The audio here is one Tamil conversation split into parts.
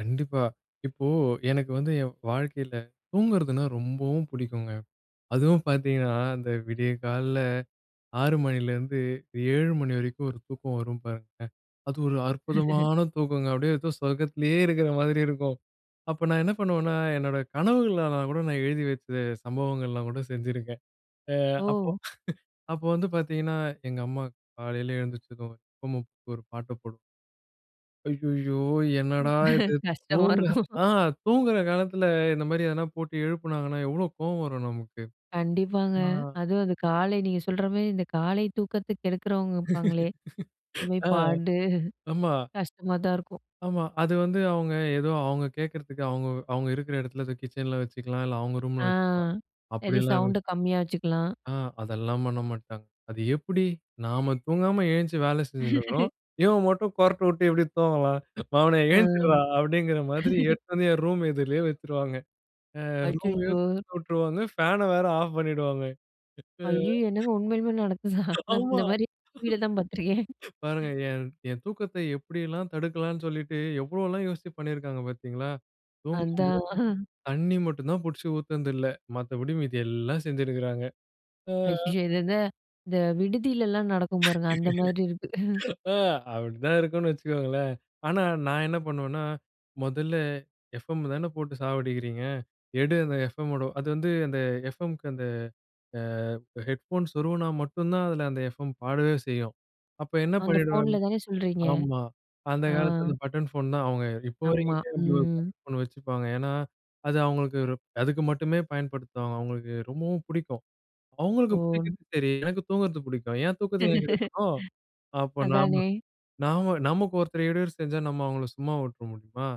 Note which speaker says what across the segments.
Speaker 1: கண்டிப்பா. இப்போ எனக்கு வந்து என் வாழ்க்கையில தூங்குறதுனா ரொம்பவும் புடிக்குங்க. அதுவும் பார்த்தீங்கன்னா, அந்த விடிய கால்ல 6 மணிலிருந்து 7 மணி வரைக்கும், ஒரு தூக்கம் வரும் பாருங்க, அது ஒரு அற்புதமான தூக்கங்க, அப்டியே ஏதோ சொர்க்கத்துலயே இருக்கற மாதிரி இருக்கும். அப்ப நான் என்ன பண்ணுவேன்னா என்னோட கனவுகளல்லாம் கூட நான் எழுதி வச்ச சம்பவங்கள்லாம் கூட செஞ்சிருக்கேன். அ அப்போ
Speaker 2: ஓ!
Speaker 1: அப்போ வந்து பார்த்திங்கன்னா, எங்க அம்மா காலைல எழுந்திரிச்சதும் ம் "ஒரு பாட்ட போடு" ஐய்யய்யோ! என்னடா இது
Speaker 2: கஷ்டமா
Speaker 1: தூங்க
Speaker 2: இருக்கும்.
Speaker 1: ஆ தூங்கற காலத்துல இந்த மாதிரி எதனா போட்டு எழுப்பினாங்கனா எவ்ளோ கோவம் வரும் நமக்கு!
Speaker 2: கண்டிப்பாங்க.
Speaker 1: நா
Speaker 2: அதுவும் அது காலை நீங்க சொல்ற மாரி இந்த காலை தூக்கத்த கெடுக்கறவங்க இருப்பாங்களே! [unintelligible] மாதிரி
Speaker 1: ஆ,
Speaker 2: பாடு,
Speaker 1: ஆமா.
Speaker 2: கஷ்டமா தான் இருக்கும்.
Speaker 1: ஆமா. அது வந்து அவுங்க ஏதோ அவங்க கேக்கறதுக்கு, அவுங்க அவுங்க இருக்கற எடத்துல கிச்சன்ல வச்சுக்கலாம். இல்ல அவங்க
Speaker 2: ஆ.
Speaker 1: ரூம்ல வச்சுக்கலாம்.
Speaker 2: சரி
Speaker 1: அப்டில்லாம்
Speaker 2: சவுண்ட கம்மியா வச்சுக்கலாம்.
Speaker 1: ஆ அதெல்லாம் பண்ண மாட்டாங்க. அது எப்டி? "நாம தூங்காம எழுந்த்ச்சி வேல செஞ்சுனு இருக்கறோம். இவன் மட்டும் கொரட்ட விட்டு எப்டி தூங்கலாம்? "மவனே
Speaker 2: ஆ.
Speaker 1: எழுந்திர்றா" அப்படிங்கிற மாதிரி எடுத்து வந்து என் ரூம் எதிர்லயே வச்சுருவாங்க. அ ரூமையும்
Speaker 2: அச்சச்சோ!
Speaker 1: தொறந்து விட்டுருவாங்க. ஃபேன வேற ஆஃப் பண்ணிடுவாங்க. இப்ப
Speaker 2: ஐய்யய்யோ! என்னங்க உண்மையிலுமே நடந்துச்சா? நா
Speaker 1: ஆமா
Speaker 2: இந்த மாதிரி டிவில தான் பார்த்துருக்கேன்.
Speaker 1: பாருங்க என் என் தூக்கத்த எப்டியெல்லாம் தடுக்கலாம் சொல்லிட்டு எவ்ளோல்லாம் யோசிச்சு பண்ணியிருக்கறாங்க பாத்தீங்களா? தூங்கும்போது
Speaker 2: அதான்.
Speaker 1: தண்ணீ மட்டும் தான் புடுச்சு ஊத்துனது இல்ல. மத்தபடி மீதி எல்லாம் செஞ்சிருக்கறாங்க. ஆ.
Speaker 2: ஐய்ய இத த இந்த விடுதியிலல்லாம் நடக்கும் பாருங்க. அந்த மாரி இருக்கு.
Speaker 1: ஆ அப்டிதான் இருக்குனு வச்சுக்கோங்களேன். ஆனா, நான் என்ன பண்ணுவேன்னா "மொதல்ல எஃப்.எம் தானே போட்டு சாவடிக்கிறீங்க, எடு அந்த எஃப்.எம். மோட "அது வந்து அந்த எஃப்.எம்க்கு அந்த அ ஹெட்ஃபோன் சொருவுனா மட்டும் தான் அதில அந்த எஃப்எம் பாடவே செய்யும். அப்ப என்ன
Speaker 2: அந்த
Speaker 1: பண்ணிடுவேன்னா
Speaker 2: ஃபோன்ல தானே சொல்றீங்க?
Speaker 1: ஆமா, அந்த
Speaker 2: ஆ.
Speaker 1: காலத்ல அந்த பட்டன் ஃபோன் தான் அவங்க இப்போ
Speaker 2: ஆமா,
Speaker 1: வரைக்குமே அப்படி ஒரு
Speaker 2: ம்.
Speaker 1: பட்டன் ஃபோன் வச்சுப்பாங்க. ஏன்னா, அது அவுங்களுக்கு அதுக்கு மட்டுமே பயன்படுத்துவாங்க. அவங்களுக்கு ரொம்பவும் புடிக்கும்.
Speaker 2: ஓ!
Speaker 1: அவுங்களுக்கு புடிக்கிறது சரி, எனக்கு தூங்குறது புடிக்கும். என் தூக்கத்த ஏன் கெடுக்கணும். அப்ப நாம
Speaker 2: அதானே!
Speaker 1: நாம நமக்கு ஒருத்தர் இடயூறு செஞ்சா நம்ம அவங்கள சும்மா வுட்ற முடியுமா?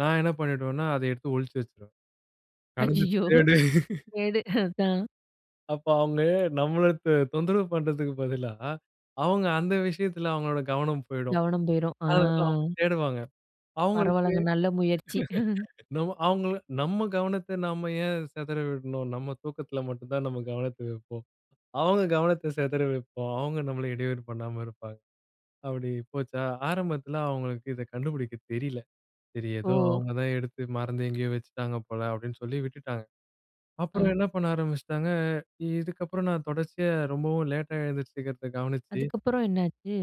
Speaker 1: நான் என்ன பண்ணிடுவேனா, அத எடுத்து ஒழிச்சி வச்சுருவேன். கடந்து
Speaker 2: ஐய்யய்யோ!
Speaker 1: தேடு.
Speaker 2: கேடு அதான்.
Speaker 1: அப்ப அவுங்க நம்மள த தொந்தரவு பண்றதுக்கு பதிலா, அவங்க அந்த விஷயத்ல அவங்களோட கவனம் போயிடும்.
Speaker 2: கவனம் போயிரும். ஆ.
Speaker 1: அத அவங்க தேடுவாங்க. அவுங்களுக்கு,
Speaker 2: பரவாலங்க, நல்ல முயற்சி.
Speaker 1: நம்ம அவுங்கள நம்ம கவனத்த நம்ம ஏன் செதற விடணும்? நம்ம தூக்கத்ல மட்டும் தான் நம்ம கவனத்ல இருப்போம். அவுங்க கவனத்த செதற வப்போம். அவுங்க நம்மள இடையூறு பண்ணாம இருப்பாங்க. அப்படி போச்சா, ஆரம்பத்ல அவங்களுக்கு இத கண்டுபுடிக்க தெரியல. சரி ஏதோ,
Speaker 2: ஓ!
Speaker 1: அவுங்க தான் எடுத்து மறந்து எங்கயோ வச்சுட்டாங்க போல, அப்படின்னு சொல்லி விட்டுட்டாங்க. அப்புறம்
Speaker 2: அ.
Speaker 1: என்ன பண்ண ஆரம்பிச்சிட்டாங்க. இ இதுக்கப்புறம் நான் தொடர்ச்சியா ரொம்பவும் லேட்டா எழுந்திரிச்சுக்கிறத கவனிச்சு
Speaker 2: அதுக்கப்புறம் என்னாச்சு?